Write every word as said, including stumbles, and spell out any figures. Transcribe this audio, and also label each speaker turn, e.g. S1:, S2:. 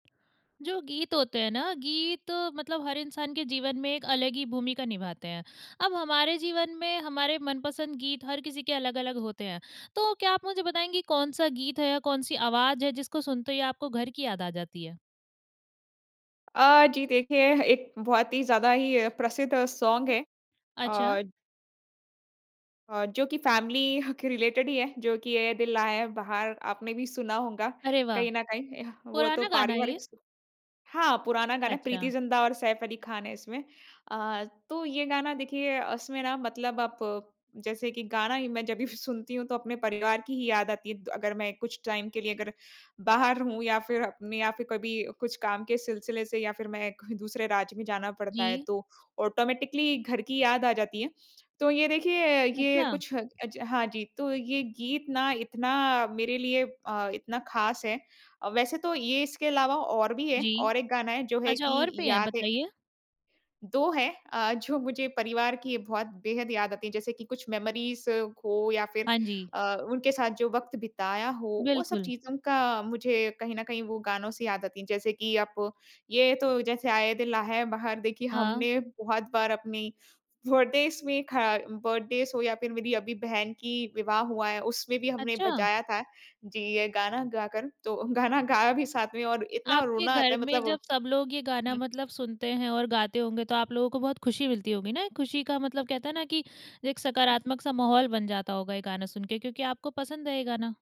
S1: जो गीत होते हैं ना, गीत मतलब हर इंसान के जीवन में एक अलग ही भूमिका निभाते हैं। अब हमारे जीवन में हमारे मनपसंद गीत हर किसी के अलग-अलग होते हैं। तो क्या आप मुझे बताएँगी कौन-सा गीत है या कौन-सी आवाज़ है जिसको सुनते ही आपको घर की याद आ जाती है?
S2: अ, जी देखिए, एक बहुत ही ज़्यादा ही अ, प्रसिद्ध सोंग है।
S1: अच्छा।
S2: अ अ, जो कि फ़ैमिली के रिलेटेड ही है, जो कि "ऐ दिल लाया है बहार" आपने भी सुना होगा
S1: अरे वाह!
S2: कहीं ना कहीं। एह, वो तो
S1: पुराना गाना है ये?
S2: पारिवारिक स हाँ, पुराना गाना, प्रीति
S1: अच्छा।
S2: ज़िंटा और सैफ़ अली ख़ान है इसमें। अ, तो ये गाना देखिए, उसमें ना मतलब आप, जैसे कि गाना ही मैं जब भी सुनती हूँ तो अपने परिवार की ही याद आती है द अगर मैं कुछ टाइम के लिए अगर, बाहर रहूँ या फिर अ, में या फिर कभी कुछ काम के सिलसिले से या फिर मैं कोई दूसरे राज्य में जाना पड़ता है
S1: जी।
S2: तो, ऑटोमैटिकली घर की याद आ जाती है। तो ये देखिए ये
S1: अच्छा।
S2: कुछ ह अज हाँ, जी, तो ये गीत ना इतना मेरे लिए अ, इतना ख़ास है। अ, वैसे तो ये इसके अलावा और भी हैं,
S1: जी।
S2: और एक गाना है जो है
S1: अच्छा
S2: कि
S1: और भी हैं,
S2: याद है
S1: बताइए।
S2: दो हैं अ, जो मुझे परिवार की बहुत बेहद याद आती है। जैसे कि कुछ मेमोरीज़ हो या फिर
S1: हाँ जी।
S2: अ, उनके साथ जो वक़्त बिताया हो, वो सब
S1: बिल्कुल।
S2: चीज़ों का मुझे कहीं ना कहीं वो गानों से याद आती हैं। जैसे कि आप ये तो जैसे ऐ दिल ला है बहार देखिए,
S1: हाँ।
S2: हमने बहुत बार अपनी, बर्थडेज़ में ख बर्थडेज़ हो या फिर मेरी अभी बहन की विवाह हुआ है, उसमें भी हमने
S1: अच्छा!
S2: बजाया था जी, ये गाना गाकर। तो गाना गाया भी साथ में और इतना
S1: आपके
S2: रोना आता
S1: घर
S2: है
S1: में
S2: मतलब
S1: जब सब लोग ये गाना
S2: हुँ।
S1: मतलब सुनते हैं और गाते होंगे, तो आप लोगों को बहुत खुशी मिलती होगी ना? एक खुशी का मतलब कहते है ना कि, एक सकारात्मक-सा माहौल बन जाता होगा ये गाना सुन के क्योंकि आपको पसंद है ये गाना।